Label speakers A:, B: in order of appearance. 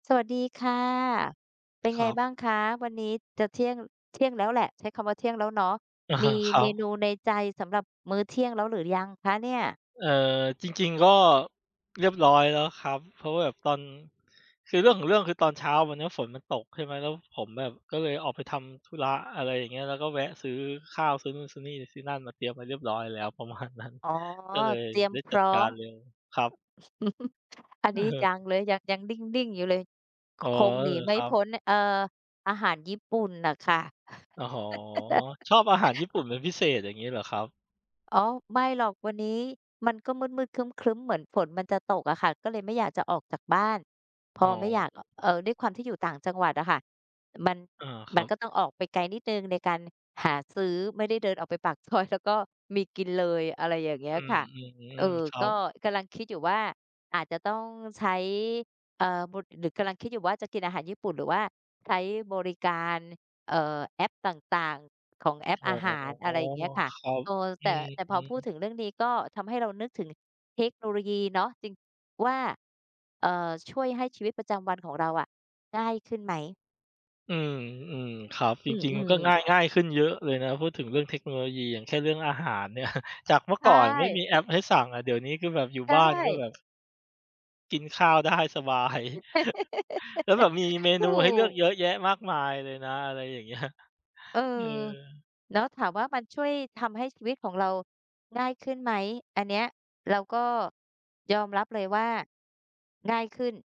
A: สวัสดีค่ะ เป็น
B: ค
A: ไ
B: ร
A: ง
B: ับ
A: บ้างคะ? วันนี้จะเที่ยง เที่ยงแล้วแหละ ใช้คำว่าเที่ยงแล้วเนาะ
B: อะ
A: ม
B: ฮ
A: ี
B: ะ ครั
A: เมน
B: บ
A: ูในใจสำหรับมื้อเที่ยงแล้วหรือยังคะเนี่ย?
B: เอ่อ จริง ๆ ก็เรียบร้อยแล้วครับ เพราะว่าแบบตอน คือเรื่องของเรื่อง คือตอนเช้าวันนี้ฝนมันตกใช่ไหม แล้วผมแบบก็เลยออกไปทำธุระ อะไรอย่างเงี้ย แล้วก็แวะซื้อข้าว ซื้อนู่นซื้อนี่ซื้อนั่นมาเตรียมไว้เรียบร้อยแล้ว ประมาณนั้น
A: อ๋อ
B: ก็เลย
A: เตรียม
B: ได้
A: พ
B: จั
A: ร
B: ด
A: ้อ
B: การ
A: ม
B: เลยครับ
A: อันนี้ยัง
B: เออ
A: เลย ยัง ยังนิ่ง ๆ อยู่เลย ค
B: อ๋อ
A: คง
B: เอ
A: หนี
B: อ
A: ไม
B: ค
A: ่
B: รั
A: พ
B: บ
A: ้น เอ่อ อาหารญี่ปุ่นน่ะค่ะ
B: อ๋อ ชอบอาหารญี่ปุ่นเป็นพิเศษ อย่างงี้เหรอครับ?
A: อ๋อ ไม่หรอก วันนี้มันก็มืด ๆ ครึ้ม ๆ เหมือนฝนมันจะตกอะค่ะ ก็เลยไม่อยากจะออกจากบ้าน พ
B: อ๋
A: อไม่อย
B: อ
A: าก อ เอ่อ ด้วยความที่อยู่ต่างจังหวัดอะค่ะ มัน
B: อา ค
A: ม
B: รั
A: ัน
B: บ
A: ก็ต้องออกไปไกลนิดหนึ่งในการหาซื้อ ไม่ได้ได้เดินออกไปปาก ซอย แล้วก็มีกินเลย อะไรอย่างเงี้
B: อ
A: ย
B: ื
A: ค
B: ม
A: ่ะ
B: อื
A: เอ่
B: อ
A: อ
B: ครั
A: ก
B: บ
A: ็กำลังคิดอยู่ว่า อาจจะต้องใช้ เอ่อ บ หรือกำลังคิดอยู่ว่าจะกินอาหารญี่ปุ่น หรือว่าใช้บริการ เอ่อ แอปต่าง ๆ ของแอป
B: อ
A: อ
B: ๋อ
A: าหาร อะไรเงี้ยค่ะ
B: ครับ
A: เออ
B: อ
A: แ
B: ื
A: ต่
B: อ
A: แต่
B: ฮ
A: พ
B: ึ
A: อพูดถึงเรื่องนี้ ก็ทำให้เรานึกถึงเทคโนโลยีเนาะ จริง ว่า เอ่อ ช่วยให้ชีวิตประจำวันของเราอะ ง่ายขึ้นไหม?
B: อืม ๆ ครับ จ
A: อื
B: ริง ๆ ก
A: ม
B: ็ง่
A: ๆ
B: าย ง่ายขึ้นเยอะเลยนะ พูดถึงเรื่องเทคโนโลยี อย่างเช่น เรื่องอาหารเนี่ย จากเมื่อ
A: ใช
B: ก่อนไม่ม
A: ่
B: ีแอปให้สั่งอะ เดี๋ยวนี้คือแบบอยู่
A: ใช่
B: บ้านก็แบบ กินข้าว ได้สบาย แล้วแบบมีเม
A: ถ
B: นู
A: ู
B: ให้เลือก
A: ก
B: เยอะแยะมากมายเลยนะ อะไรอย่าง เงี้ย
A: เออ
B: เออ
A: เนาะ ถามว่ามันช่วยทำให้ชีวิตของเราง่ายขึ้นไหม อันเนี้ยเราก็ยอมรับเลยว่าง่ายขึ้น